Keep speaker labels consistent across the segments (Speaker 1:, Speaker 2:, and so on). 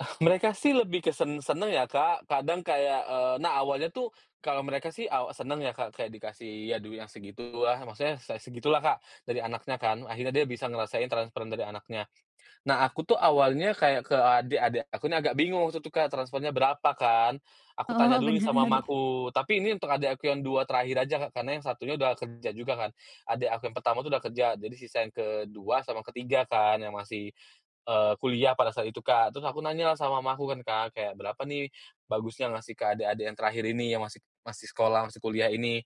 Speaker 1: Oh, mereka sih lebih ke sen seneng ya, Kak. Kadang kayak eee, nah, awalnya tuh kalau mereka sih awa seneng ya, Kak, kayak dikasih, aduh yang segitu ah maksudnya se segitulah, Kak, dari anaknya kan, akhirnya dia bisa ngerasain transferan dari anaknya. Nah, aku tuh awalnya kayak ke adek-adek aku nih agak bingung gitu, Kak, transfernya berapa kan, aku tanya
Speaker 2: Oh,
Speaker 1: dulu nih sama
Speaker 2: bener.
Speaker 1: mamaku. Tapi ini untuk adek aku yang 2 terakhir aja, Kak, karena yang satunya udah kerja juga kan. Adek aku yang pertama tuh udah kerja, jadi sisa yang ke-2 sama ke-3 kan yang masih, eee, kuliah pada saat itu, Kak. Terus aku nanyalah sama mamaku kan, Kak, kayak, "Berapa nih bagusnya ngasih ke adek-adek yang terakhir ini, yang masih masih sekolah, masih kuliah ini?"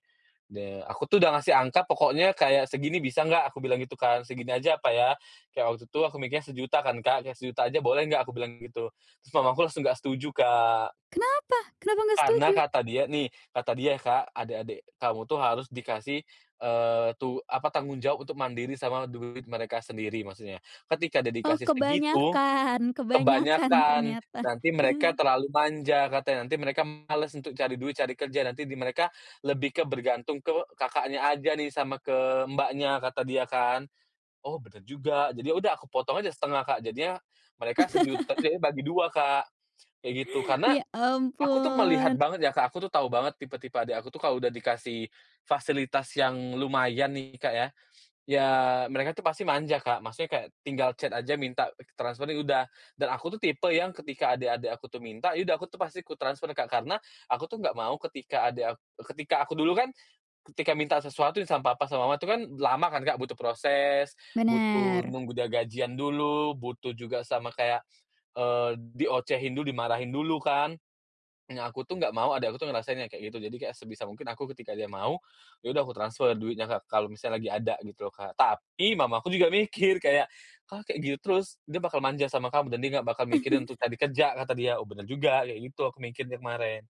Speaker 1: De aku tuh udah ngasih angka pokoknya kayak, "Segini, bisa nggak?" Aku bilang gitu kan, "Segini aja apa ya?" kayak waktu itu aku mikirnya, sejuta kan, Kak. "Sejuta aja boleh nggak?" Aku bilang gitu, terus mamaku langsung nggak setuju, Kak.
Speaker 2: Kenapa? Kenapa nggak
Speaker 1: Karena
Speaker 2: setuju?
Speaker 1: kata dia nih kata dia ya, Kak, "Adik-adik kamu tuh harus dikasih, eee, tu apa, tanggung jawab untuk mandiri sama duit mereka sendiri," maksudnya ketika dia
Speaker 2: Oh,
Speaker 1: dikasih segitu,
Speaker 2: kebanyakan kebanyakan
Speaker 1: kebanyakan,
Speaker 2: ternyata.
Speaker 1: nanti mereka terlalu manja, katanya, "Nanti mereka males untuk cari duit, cari kerja, nanti di mereka lebih ke bergantung ke kakaknya aja nih, sama ke mbaknya," kata dia kan. "Oh, bener juga," jadi ya udah aku potong aja setengah, Kak, jadinya mereka sejuta, jadi bagi dua, Kak, kayak gitu. Karena
Speaker 2: Ya
Speaker 1: aku tuh melihat
Speaker 2: ampun.
Speaker 1: banget ya, Kak, aku tuh tahu banget tipe-tipe adek aku tuh kalau udah dikasih fasilitas yang lumayan nih, Kak, ya ya mereka tuh pasti manja, Kak, maksudnya kayak, tinggal chat aja minta transfer ya udah, dan aku tipe yang ketika adik-adik aku tuh minta, ya udah aku tuh pasti kutransfer, Kak, karena aku tuh nggak mau ketika adek ak ketika aku dulu kan, ketika minta sesuatu sama papa sama mama itu kan lama kan, Kak, butuh proses, butuh
Speaker 2: Bener.
Speaker 1: nunggu dia gajian dulu, butuh juga sama kayak, eee, diocehin dulu, dimarahin dulu kan. Nah, aku tuh nggak mau adik aku tuh ngerasain yang kayak gitu, jadi sebisa mungkin aku ketika dia mau, ya udah aku transfer duitnya ke kalau misalnya lagi ada gitu loh, Kak. Tapi mamaku juga mikir kayak, "Kalau kayak gitu terus dia bakal manja sama kamu, dan dia nggak bakal mikirin untuk cari kerja," kata dia. "Oh, benar juga," kayak gitu aku mikirnya kemarin.